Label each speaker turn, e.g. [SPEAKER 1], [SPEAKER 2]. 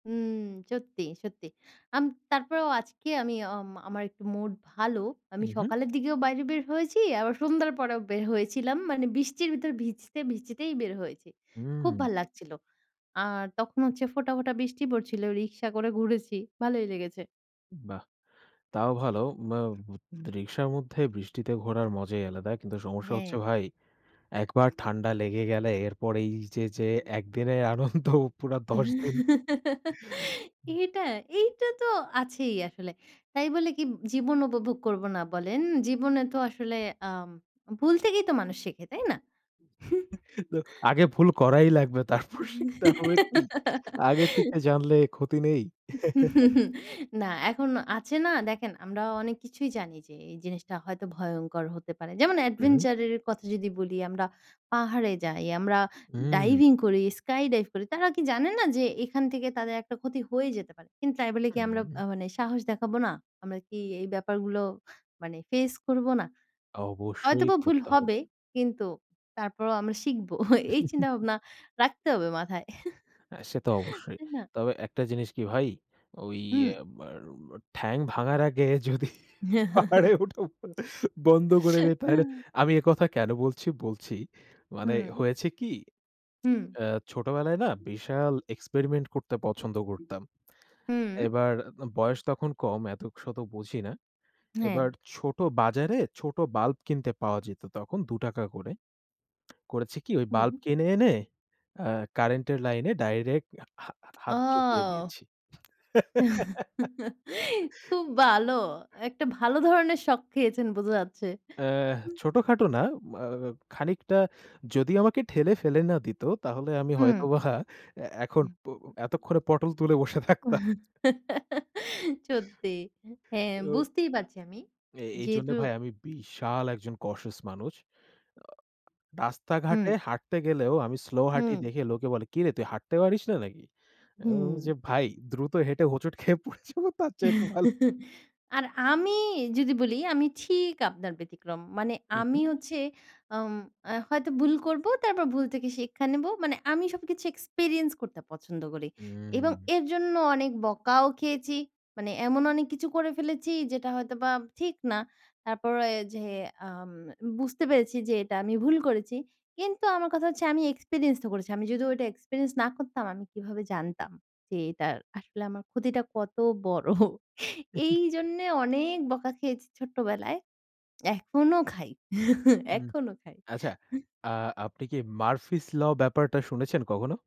[SPEAKER 1] উম সত্যি, সত্যি, আম তারপরেও আজকে আমি অম আমার একটু মুড ভালো। আমি
[SPEAKER 2] উহু।
[SPEAKER 1] সকালের দিকেও বাইরে বের হয়েছি আবার সন্ধ্যার পরেও বের হয়েছিলাম। মানে বৃষ্টির ভিতর ভিজতে, ভিজতেই বের হয়েছি। খুব ভাল
[SPEAKER 2] উম।
[SPEAKER 1] লাগছিলো আর তখন হচ্ছে ফোঁটা, ফোঁটা, বৃষ্টি পড়ছিলো রিকশা করে ঘুরেছি ভালোই লেগেছে।
[SPEAKER 2] বাহ! তাও ভালো। বা রিকশার মধ্যে বৃষ্টিতে ঘোরার মজাই আলাদা। কিন্তু সমস্যা হচ্ছে
[SPEAKER 1] হ্যাঁ।
[SPEAKER 2] ভাই, একবার ঠান্ডা লেগে গেলে এরপরই এই যে যে একদিনের আনন্দ পুরা ১০ দিন।
[SPEAKER 1] এইটা, এইটা, তো আছেই আসলে। তাই বলে কি জীবন উপভোগ করব না বলেন? জীবনে তো আসলে আম ভুল থেকেই তো মানুষ শিখে তাই না?
[SPEAKER 2] তো আগে ভুল করাই লাগবে। তারপর শিখতে হবে কী? আগে থেকে জানলে ক্ষতি নেই।
[SPEAKER 1] না, এখনও আছে না দেখেন আমরা অনেক কিছুই জানি যে, এই জিনিসটা হয়তো ভয়ংকর হতে পারে। যেমন
[SPEAKER 2] উহু।
[SPEAKER 1] এডভেঞ্চার এর কথা যদি বলি আমরা পাহাড়ে যাই, আমরা
[SPEAKER 2] উম।
[SPEAKER 1] ডাইভিং করি, স্কাই ডাইভ করি তারা কি জানে না যে এখান থেকে তাদের একটা ক্ষতি হয়ে যেতে পারে। কিন্তু তাই বলে কি আমরা
[SPEAKER 2] হুম।
[SPEAKER 1] আ মানে সাহস দেখাবো না? আমরা কি এই ব্যাপারগুলো মানে ফেস করব না?
[SPEAKER 2] অবশ্যই
[SPEAKER 1] হয়তোবা ভুল
[SPEAKER 2] করতে হবে।
[SPEAKER 1] হবে, কিন্তু তারপরও আমরা শিখব। এই চিন্তাভাবনা রাখতে হবে মাথায়।
[SPEAKER 2] অ্যা সে তো অবশ্যই।
[SPEAKER 1] তাই না?
[SPEAKER 2] তবে একটা জিনিস কি ভাই। ওই
[SPEAKER 1] হুম।
[SPEAKER 2] অ্যা আবার ঠ্যাং ভাঙার আগে যদি পাহাড়ে উঠা বন্ধ করে দেই তাইলে আমি এ কথা কেন বলছি বলছি। মানে
[SPEAKER 1] হুম।
[SPEAKER 2] হয়েছে কি
[SPEAKER 1] হুম।
[SPEAKER 2] আ ছোটবেলায় না বিশাল এক্সপেরিমেন্ট করতে পছন্দ করতাম।
[SPEAKER 1] হুম।
[SPEAKER 2] এবার বয়স তখন কম এত শত বুঝি না। এবার
[SPEAKER 1] হ্যাঁ।
[SPEAKER 2] ছোট বাজারে ছোট বাল্ব কিনতে পাওয়া যেত তখন ২ টাকা করে। করেছি কি ওই বাল্ব
[SPEAKER 1] হুম।
[SPEAKER 2] কিনে এনে আ কারেন্টের লাইনে ডাইরেক্ট হা হা হাত চুকিয়ে
[SPEAKER 1] ও।
[SPEAKER 2] দিয়েছি।
[SPEAKER 1] খুব ভালো। একটা ভালো ধরনের শক খেয়েছেন বোঝা যাচ্ছে।
[SPEAKER 2] অ্যাঁ
[SPEAKER 1] উম
[SPEAKER 2] ছোটখাটো না আ খানিকটা যদি আমাকে ঠেলে ফেলে না দিত তাহলে আমি
[SPEAKER 1] হুম।
[SPEAKER 2] হয়তোবা অ্যা এখন
[SPEAKER 1] হু,
[SPEAKER 2] প এতক্ষনে পটল তুলে বসে
[SPEAKER 1] [unintelligible]
[SPEAKER 2] থাকতাম।
[SPEAKER 1] সত্যি হ্যাঁ
[SPEAKER 2] ও।
[SPEAKER 1] বুঝতেই পারছি আমি।
[SPEAKER 2] এ এইজন্য
[SPEAKER 1] যেহেতু
[SPEAKER 2] ভাই আমি বিশাল একজন কসেস মানুষ। আ রাস্তাঘাটে
[SPEAKER 1] উম।
[SPEAKER 2] হাঁটতে গেলেও আমি স্লো হাটি
[SPEAKER 1] হুম।
[SPEAKER 2] দেখে লোকে বলে কিরে তুই হাঁটতে পারিস না নাকি? আমি বল্লাম
[SPEAKER 1] হুম।
[SPEAKER 2] যে ভাই দ্রুত হেঁটে হোঁচট খেয়ে পড়ে যাবো তার চেয়ে ভালো।
[SPEAKER 1] আর আমি যদি বলি আমি ঠিক আপনার ব্যতিক্রম। মানে আমি
[SPEAKER 2] উহু।
[SPEAKER 1] হচ্ছে আম অ্যা হয়তো ভুল করব, তারপর ভুল থেকে শিক্ষা নেব। মানে আমি সবকিছু এক্সপেরিয়েন্স করতে পছন্দ করি। এবং
[SPEAKER 2] উম।
[SPEAKER 1] এর জন্য অনেক বকাও খেয়েছি। মানে এমন অনেক কিছু করে ফেলেছি যেটা হয়তো বা ঠিক না। তারপরে যে আম বুঝতে পেরেছি যে এটা আমি ভুল করেছি। কিন্তু আমার কথা হচ্ছে আমি এক্সপেরিয়েন্স ও করেছি। আমি যদি ওইটা এক্সপেরিয়েন্স না করতাম আমি কিভাবে জানতাম যে, এটা আসলে আমার ক্ষতিটা কত বড় এই জন্যে অনেক বকা খেয়েছি ছোট্টবেলায়। এখনো খাই।
[SPEAKER 2] উম।
[SPEAKER 1] এখনো খাই।
[SPEAKER 2] আচ্ছা আ আপনি কি মারফিস ল ব্যাপারটা শুনেছেন কখনো?